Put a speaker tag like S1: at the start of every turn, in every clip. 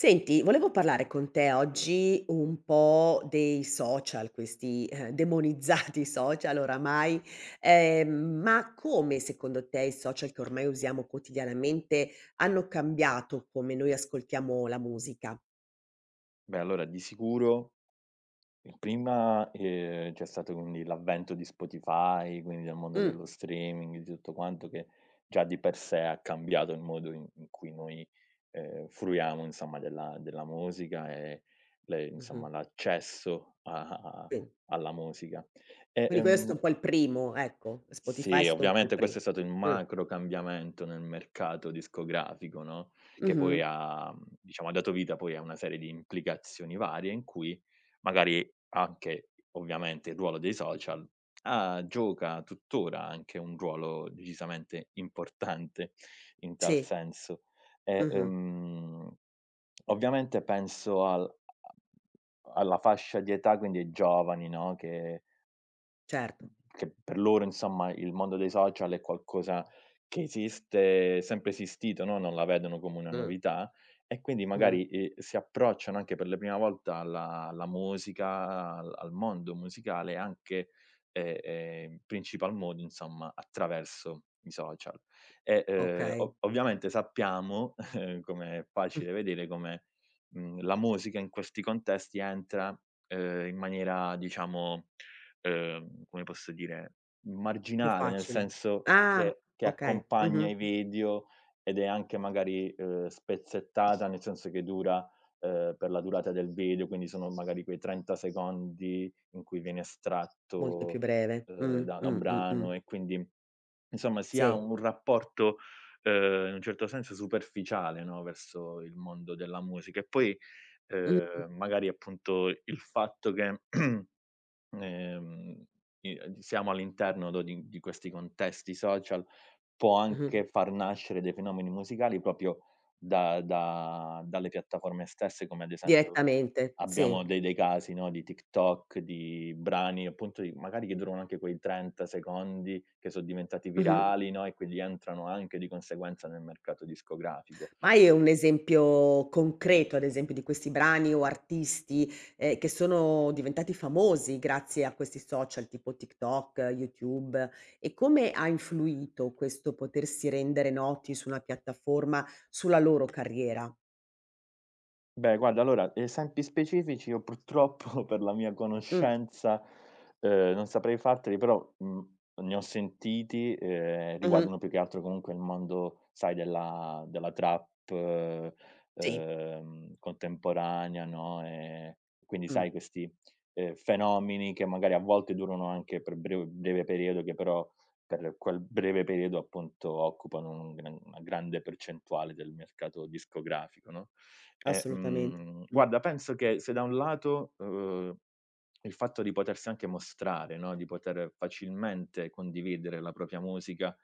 S1: Senti volevo parlare con te oggi un po' dei social, questi, ehm, demonizzati social oramai, ehm, ma come secondo te i social che ormai usiamo quotidianamente hanno cambiato come noi ascoltiamo la musica?
S2: Beh allora di sicuro, in prima, ehm, c'è stato, quindi, l'avvento di Spotify, quindi del mondo
S1: Mh.
S2: dello streaming, di tutto quanto che già di per sé ha cambiato il modo i in cui noi, ehm, fruiamo insomma della della musica e le
S1: Mh-mh.
S2: insomma l'accesso a a
S1: Sì.
S2: alla musica. E,
S1: Quindi questo è
S2: ehm
S1: un po' il primo ecco, Spotify è
S2: Sì,
S1: stato un po' il
S2: ovviamente
S1: pri
S2: questo è stato il
S1: Mh.
S2: macro cambiamento nel mercato discografico, no, che poi
S1: Mh-mh.
S2: ha, diciamo ha dato vita poi a una serie di implicazioni varie in cui magari anche, ovviamente il ruolo dei social, ha gioca tuttora anche un ruolo decisamente importante in tal
S1: Sì.
S2: senso. E,
S1: Mh-mh.
S2: ehm, ovviamente penso al a a alla fascia di età quindi ai giovani, no, che
S1: Certo.
S2: uhm, che per loro insomma il mondo dei social è qualcosa che esiste, sempre esistito, no, non la vedono come una
S1: Mh.
S2: novità. E quindi
S1: Mh-mh.
S2: magari, eh, si approcciano anche per le prima volta alla alla musica a al al mondo musicale anche e, ehm, in principal modo insomma attraverso i social e, ehm,
S1: Okay.
S2: o ovviamente sappiamo come è
S1: Mh.
S2: facile vedere, come, mhmm, la musica in questi contesti entra, ehm, in maniera diciamo, ehm, come posso dire,
S1: Più
S2: marginale, nel
S1: facile.
S2: senso
S1: Ah
S2: che che
S1: okay,
S2: accompagna
S1: mh-mh.
S2: i video ed è anche magari, ehm, spezzettata, nel senso che dura, ehm, per la durata del video. Quindi sono magari quei 30 secondi in cui viene
S1: Molto più
S2: estratto,
S1: breve, mh,
S2: ehm, da da
S1: mh,
S2: un
S1: mh, mh.
S2: brano. E quindi insomma si ha
S1: Sì.
S2: un rapporto, ehm, in un certo senso superficiale, no, verso il mondo della musica e poi,
S1: Mh-mh.
S2: ehm, magari appunto i il fatto che, ehm, i ad siamo all'interno, no, di di questi contesti social, può
S1: Mh-mh.
S2: anche far nascere dei fenomeni musicali proprio da da dalle piattaforme stesse come ad esempio
S1: Direttamente. Sì.
S2: abbiamo de dei casi, no, di TikTok di brani appunto di magari che durano anche quei 30 secondi che son diventati
S1: Mh-mh.
S2: virali, no, e quindi entrano anche di conseguenza nel mercato discografico.
S1: Ma hai un esempio concreto ad esempio di questi brani o artisti, ehm, che sono diventati famosi grazie a questi social tipo, TikTok, YouTube e come ha influito questo potersi rendere noti su una piattaforma sulla loro carriera?
S2: Beh guarda allora esempi specifici io purtroppo per la mia
S1: Mh.
S2: conoscenza, ehm, non saprei farteli però, mhmm, ne ho sentiti, ehm,
S1: Mh-mh.
S2: riguardano più che altro comunque il mondo sai della della trap,
S1: Sì.
S2: ehm, contemporanea, no, ehm. Quindi
S1: Mh.
S2: sai questi, ehm, fenomeni che magari a volte durano anche per brev breve periodo che però per quel breve periodo appunto occupano un gr una grande percentuale del mercato discografico, no, e,
S1: Assolutamente.
S2: mhmm,
S1: Mh.
S2: guarda penso che se da un lato, uhm, il fatto di potersi anche mostrare, no, di poter facilmente condividere la propria musica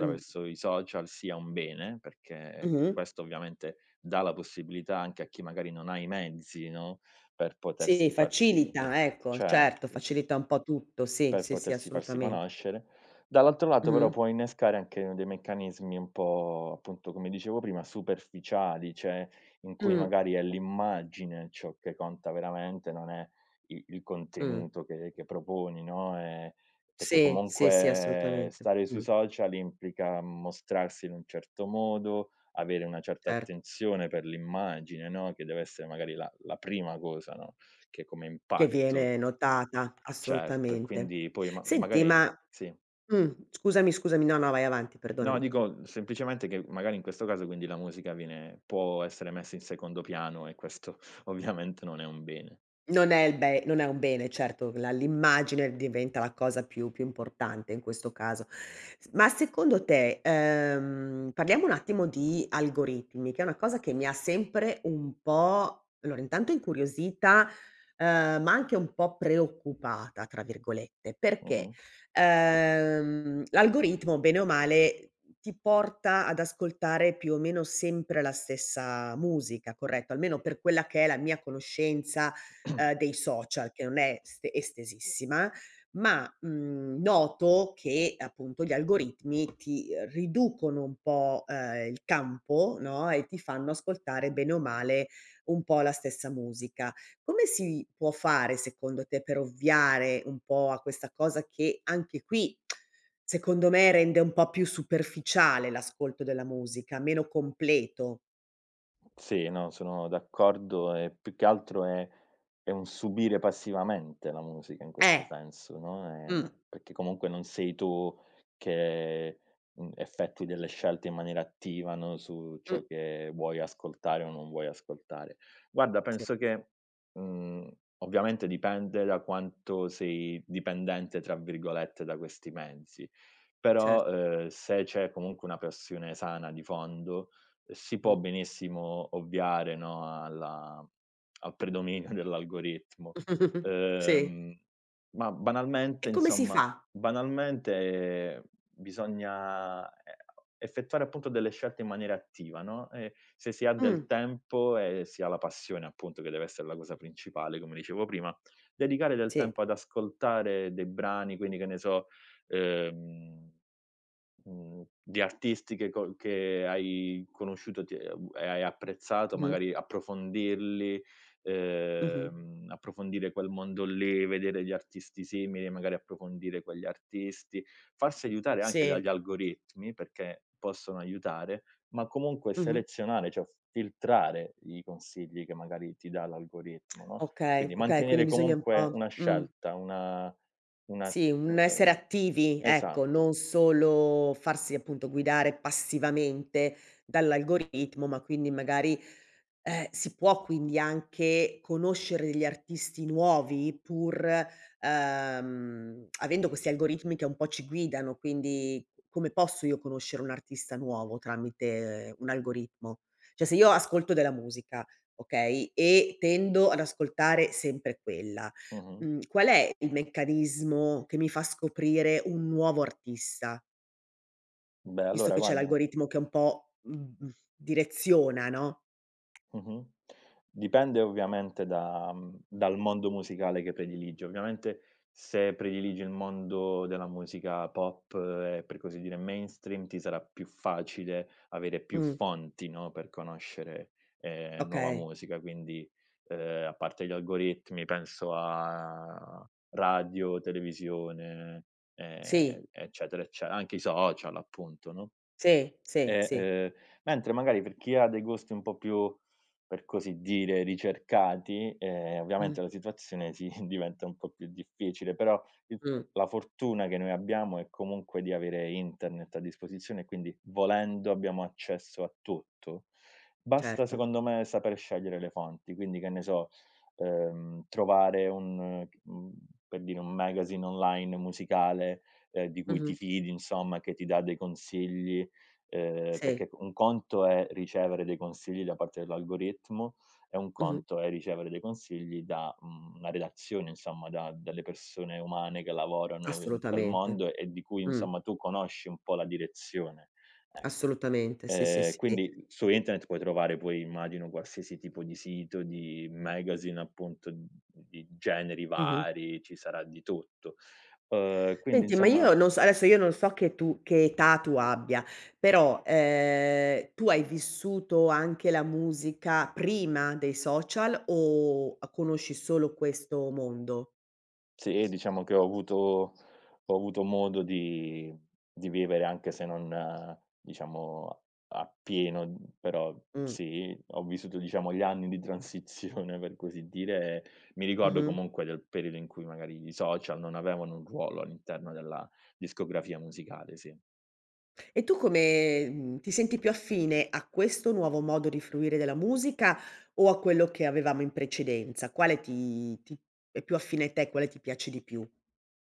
S1: Mh.
S2: i social sia un bene, perché
S1: Mh-mh.
S2: questo ovviamente dà la possibilità anche a chi magari non ha i mezzi, no, per
S1: Sì
S2: potersi farsi
S1: facilita ecco, certo
S2: certo.
S1: facilita un po' tutto sì,
S2: Per
S1: sì, sì
S2: potersi farsi
S1: assolutamente.
S2: conoscere dall'altro lato però
S1: Mh-mh.
S2: può innescare anche dei meccanismi un po', appunto come dicevo prima, superficiali cioè in cui
S1: Mh.
S2: magari è l'immagine ciò che conta veramente non è i il
S1: Mh.
S2: contenuto che che proponi, no, ehm perché
S1: Sì, sì, sì
S2: comunque
S1: assolutamente.
S2: stare sui
S1: Mh.
S2: social implica mostrarsi in un certo modo, avere una certa
S1: Cert
S2: attenzione per l'immagine, no, che deve essere magari la la prima cosa, no, che come
S1: Che
S2: impatto
S1: viene notata
S2: Certo e
S1: assolutamente.
S2: quindi poi ma
S1: Senti
S2: magari
S1: ma
S2: sì.
S1: mh, scusami, scusami no, no vai avanti
S2: No
S1: perdonami.
S2: dico, uhm, semplicemente che magari in questo caso quindi la musica viene può essere messa in secondo piano e questo ovviamente non è un bene.
S1: Non è il be non è un bene certo la l'immagine diventa la cosa più più importante in questo caso. S ma secondo te, ehm, parliamo un attimo di algoritmi, che è una cosa che mi ha sempre un po' allora intanto incuriosita, ehm, ma anche un po' "preoccupata" tra virgolette perché,
S2: Mh-mh.
S1: ehm, l'algoritmo bene o male ti porta ad ascoltare più o meno sempre la stessa musica, corretto, almeno per quella che è la mia conoscenza, ehm, dei social che non è s estesissima. Ma, mhmm, noto che appunto gli algoritmi ti, ehm, riducono un po,' ehm, il campo, no, e ti fanno ascoltare bene o male un po' la stessa musica. Come si può fare, secondo te, per ovviare un po' a questa cosa che anche qui, secondo me, rende un po' più superficiale l'ascolto della musica meno completo?
S2: Sì, no sono d'accordo e più che altro è è un subire passivamente la musica in questo
S1: Eh.
S2: senso, no, ehm,
S1: Mh.
S2: perché comunque non sei tu che, mhmm, effettui delle scelte in maniera attiva, no, su ciò
S1: Mh.
S2: che vuoi ascoltare o non vuoi ascoltare. Guarda
S1: Sì.
S2: penso che, mhmm, ovviamente dipende da quanto sei "dipendente" tra virgolette da questi mezzi, però,
S1: Cert
S2: ehm, se c'è comunque una passione sana di fondo si può
S1: Mh.
S2: benissimo ovviare, no, alla uhm, al predominio dell'algoritmo.
S1: Sì.
S2: Ehm, ma banalmente
S1: E come si
S2: insomma
S1: fa?
S2: banalmente, ehm, bisogna, ehm, o effettuare appunto delle scelte in maniera attiva, no, e se si ha del
S1: Mh.
S2: tempo e si ha la passione appunto, che deve essere la cosa principale come dicevo prima, dedicare del
S1: Sì.
S2: tempo ad ascoltare dei brani quindi che ne so, ehm, mhmm, di artisti che co che hai conosciuto ti e a u e hai apprezzato.
S1: Mh-mh.
S2: Magari approfondirli,
S1: Mh-mh.
S2: ehm, approfondire quel mondo lì, vedere gli artisti simili, magari approfondire quegli artisti, farsi aiutare anche
S1: Sì.
S2: dagli algoritmi perché possono aiutare, ma comunque
S1: Mh-mh.
S2: selezionare cioè f filtrare i consigli che magari ti dà l'algoritmo, no,
S1: Okay,
S2: quindi
S1: okay, quindi
S2: mantenere
S1: bisogna un
S2: comunque
S1: po'
S2: una
S1: Mh.
S2: scelta, una una,
S1: Sì, un essere
S2: ehm
S1: attivi ecco,
S2: esatto.
S1: non solo farsi appunto guidare passivamente dall'algoritmo, ma quindi magari, ehm, si può quindi anche conoscere degli artisti nuovi pur, ehm, avendo questi algoritmi che un po' ci guidano. Quindi come posso io conoscere un artista nuovo tramite un algoritmo? Cioè se io ascolto della musica, okay, e tendo ad ascoltare sempre quella,
S2: Mh-mh.
S1: mhmm, qual è il meccanismo che mi fa scoprire un nuovo artista?
S2: Beh
S1: Visto
S2: allora
S1: che c'è
S2: guarda
S1: l'algoritmo che è un po', mhmm, direziona no?
S2: Mh-mh. Dipende ovviamente da, mhmm, dal mondo musicale che prediligi. Ovviamente se prediligi il mondo della musica pop e, per così dire, mainstream ti sarà più facile avere più
S1: Mh.
S2: fonti, no, per conoscere, ehm, nuova
S1: Okay.
S2: musica quindi, ehm, a parte gli algoritmi penso a radio, televisione,
S1: Sì.
S2: ehm, eccetera ecce anche i social appunto, no,
S1: Sì, sì,
S2: e,
S1: sì.
S2: ehm. Mentre magari per chi ha dei gusti un po' più, per così dire, ricercati, ehm,
S1: Mh.
S2: ovviamente la situazione sì, diventa un po' più difficile però il f
S1: Mh.
S2: la fortuna che noi abbiamo è comunque di avere internet a disposizione e quindi volendo abbiamo accesso a tutto. Basta
S1: Certo.
S2: secondo me saper scegliere le fonti quindi che ne so, ehm, trovare un, mhmm, per dire un magazine online musicale, ehm, di cui ti
S1: Mh-mh.
S2: fidi insomma che ti dà dei consigli, ehm,
S1: Sì.
S2: perché c un conto è ricevere dei consigli da parte dell'algoritmo e un
S1: Mh-mh.
S2: conto è ricevere dei consigli da, mhmm, una redazione insomma, da delle persone umane che lavorano in quel
S1: Assolutamente.
S2: mondo e di cui
S1: Mh.
S2: insomma tu conosci un po' la direzione, ecco.
S1: Assolutamente sì, sì,
S2: Ehm
S1: sì.
S2: quindi, uhm, su internet puoi trovare poi immagino qualsiasi tipo di sito, di magazine appunto, di generi
S1: Mh-mh.
S2: vari, ci sarà di tutto, uhm, quindi
S1: Senti ma
S2: insomma
S1: io non so adesso io non so che tu che età tu abbia però, ehm, tu hai vissuto anche la musica prima dei social o a conosci solo questo mondo?
S2: Sì diciamo che ho avuto ho avuto modo di di vivere anche se non diciamo a appieno, uhm, però
S1: Mh.
S2: sì ho vissuto diciamo gli anni di transizione per così dire. Mi ricordo
S1: Mh-mh.
S2: comunque del periodo in cui magari i social non avevano un ruolo all'interno della discografia musicale, sì.
S1: E tu come, mhmm, ti senti più affine a questo nuovo modo di fruire della musica o a quello che avevamo in precedenza? Quale ti ti è più affine a te, quale ti piace di più?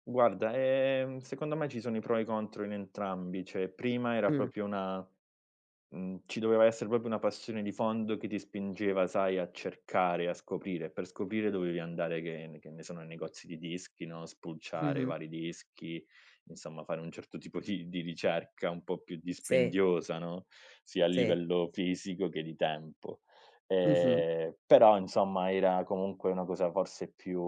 S2: Guarda, ehm, secondo me ci sono i pro e i contro in entrambi. Cioè prima era
S1: Mh.
S2: proprio una, mhmm, ci doveva essere proprio una passione di fondo che ti spingeva sai a cercare e a scoprire e per scoprire dovevi andare che ne che ne sono negozi di dischi, no, spulciare
S1: Mh-mh.
S2: vari dischi insomma fare un certo tipo di di ricerca un po' più
S1: Sì.
S2: dispendiosa, no, sia a
S1: Sì.
S2: livello fisico che di tempo.
S1: Mh-mh.
S2: Ehm, però insomma era comunque una cosa forse più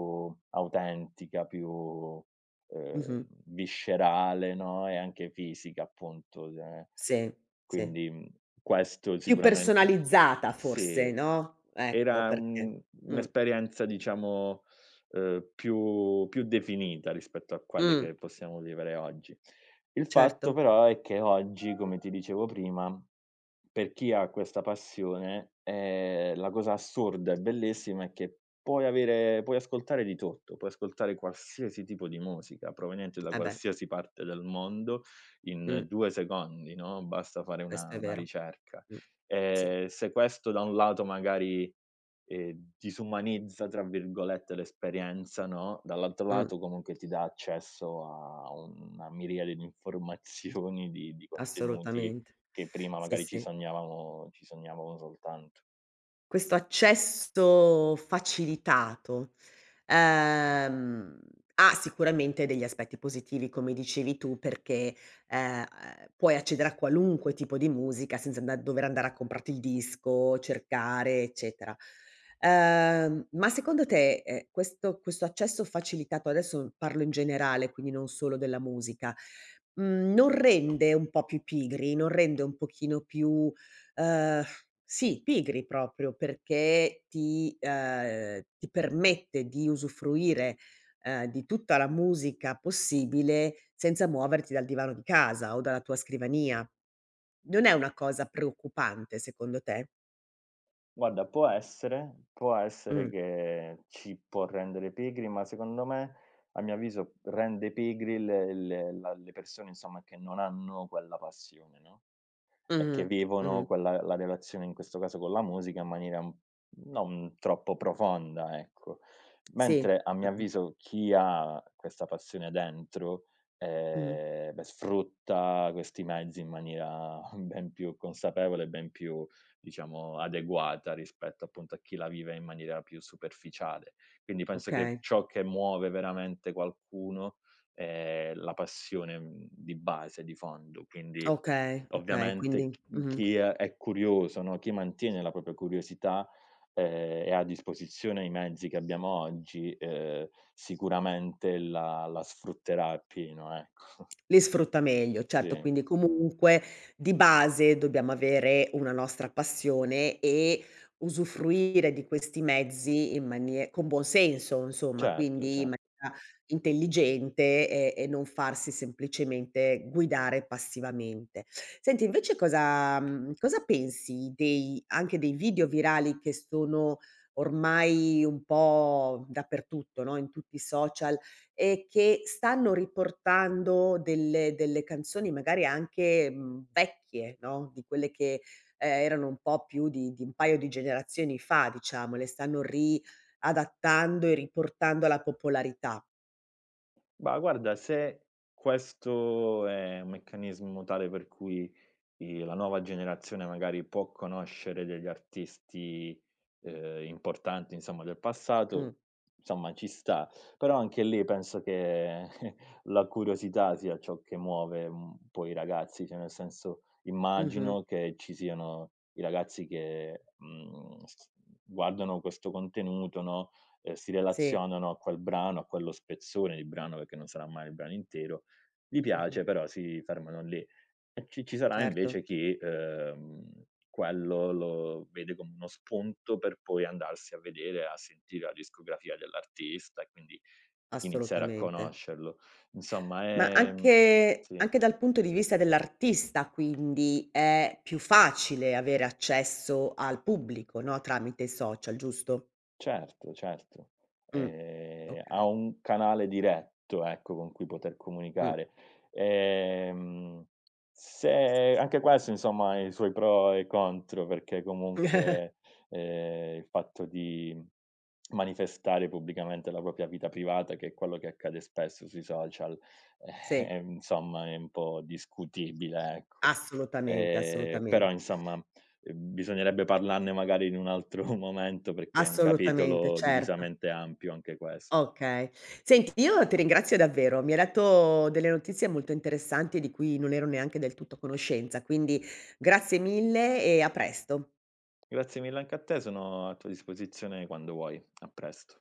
S2: autentica più, ehm,
S1: Mh-mh.
S2: viscerale, no, e anche fisica appunto è
S1: Sì. Sì.
S2: quindi, mhmm, questo
S1: Più
S2: sicuramente
S1: personalizzata forse,
S2: Sì
S1: no, ecco
S2: era
S1: perché,
S2: un
S1: mh.
S2: un'esperienza diciamo, ehm, più più definita rispetto a quelle
S1: Mh.
S2: che possiamo vivere oggi. Il fatto
S1: Certo.
S2: però è che oggi come ti dicevo prima, per chi ha questa passione, ehm, la cosa assurda e bellissima è che puoi avere puoi ascoltare di tutto, puoi ascoltare qualsiasi tipo di musica proveniente da
S1: Eh beh.
S2: qualsiasi parte del mondo
S1: Mh.
S2: in 2 secondi, no, basta fare
S1: Questo
S2: una
S1: è
S2: una
S1: vero,
S2: ricerca.
S1: mh, sì.
S2: Ehm, se questo da un lato magari, ehm, "disumanizza" tra virgolette l'esperienza, no, dall'altro
S1: Mh.
S2: lato comunque ti dà accesso a una miriade di informazioni di di contenuti
S1: Assolutamente,
S2: che prima
S1: sì,
S2: magari ci
S1: sì.
S2: sognavamo ci sognavamo soltanto.
S1: Questo accesso facilitato, ehm, ha sicuramente degli aspetti positivi come dicevi tu perché, ehm, puoi accedere a qualunque tipo di musica senza anda dover andare a comprarti il disco, cercare, eccetera. Ehm, ma secondo te, eh, questo questo accesso facilitato, adesso parlo in generale quindi non solo della musica, mhmm, non rende un po' più pigri, non rende un pochino più uhm, sì, pigri proprio perché ti, ehm, ti permette di usufruire, ehm, di tutta la musica possibile senza muoverti dal divano di casa o dalla tua scrivania? Non è una cosa preoccupante secondo te?
S2: Guarda può essere, può essere
S1: Mh.
S2: che ci può rendere pigri, ma secondo me a mio avviso rende pigri le le la le persone insomma che non hanno quella passione, no, e che
S1: Mh-mh, mh-mh.
S2: vivono quella la relazione in questo caso con la musica, in maniera non troppo profonda ecco.
S1: Sì,
S2: Mentre a
S1: ho
S2: mio
S1: capi
S2: avviso, chi ha questa passione dentro,
S1: Mh-mh.
S2: ehm, sfrutta questi mezzi in maniera ben più consapevole e ben più, diciamo, adeguata rispetto, appunto, a chi la vive in maniera più superficiale. Quindi penso che
S1: Okay.
S2: ciò che muove veramente qualcuno è la passione, mhmm, di base, di fondo, quindi
S1: Okay, okay. Quindi
S2: ovviamente ch
S1: mh-mh.
S2: chi è curioso, no, chi mantiene la propria curiosità e, ha a disposizione i mezzi che abbiamo oggi, uhm, sicuramente la la sfrutterà appieno ecco.
S1: Li sfrutta meglio. Certo
S2: Sì
S1: quindi comunque, di base, dobbiamo avere una nostra passione e usufruire di questi mezzi in manie con buon senso insomma
S2: Certo,
S1: quindi in
S2: cer
S1: maniera intelligente e e non farsi semplicemente guidare passivamente. Senti invece cosa, mhmm, cosa pensi dei anche dei video virali che sono ormai un po' dappertutto no, in tutti i social e che stanno riportando delle delle canzoni magari anche, mhmm, vecchie, no, di quelle che e erano un po' più di di un paio di generazioni fa, diciamo, le stanno riadattando e riportando alla popolarità.
S2: Ma guarda se questo è un meccanismo tale per cui i la nuova generazione magari può conoscere degli artisti, uhm, importanti insomma, del passato
S1: Mh.
S2: insomma, ci sta, però anche lì penso che la curiosità sia ciò che muove un po' i ragazzi, cioè nel senso,
S1: Mh-mh.
S2: immagino che ci siano i ragazzi che, mhmm, s guardano questo contenuto no, si
S1: Sì.
S2: relazionano a quel brano, a quello spezzone di brano, perché non sarà mai il brano intero, gli
S1: Mh-mh.
S2: piace però si fermano lì; e ci ci sarà
S1: Certo.
S2: invece chi, uhm, quello lo vede come uno spunto per poi andarsi a vedere, a sentire, la discografia dell'artista e quindi iniziare a
S1: Assolutamente.
S2: conoscerlo, insomma,
S1: Ma
S2: ehm
S1: anche
S2: sì.
S1: anche dal punto di vista dell'artista, quindi, è più facile avere accesso al pubblico no, tramite social giusto?
S2: Certo, certo,
S1: Mh,
S2: ehm, ha
S1: okay.
S2: un canale diretto, ecco, con cui poter
S1: Mh.
S2: comunicare, ehm, se anche questo insomma ha i suoi pro e i contro, perché comunque, ehm, il fatto di manifestare pubblicamente la propria vita privata, che è quello che accade spesso sui social,
S1: Sì.
S2: eh, insomma, è un po' discutibile ecco,
S1: Assolutamente,
S2: ehm, però,
S1: assolutamente.
S2: insomma, bisognerebbe parlarne magari in un altro momento, perché è un
S1: Assolutamente,
S2: capitolo
S1: certo.
S2: decisamente ampio anche questo.
S1: Okay. Senti io ti ringrazio davvero. Mi hai detto delle notizie molto interessanti, di cui non ero neanche del tutto a conoscenza, quindi grazie mille e a presto.
S2: Grazie mille anche a te, sono a tua disposizione quando vuoi. A presto.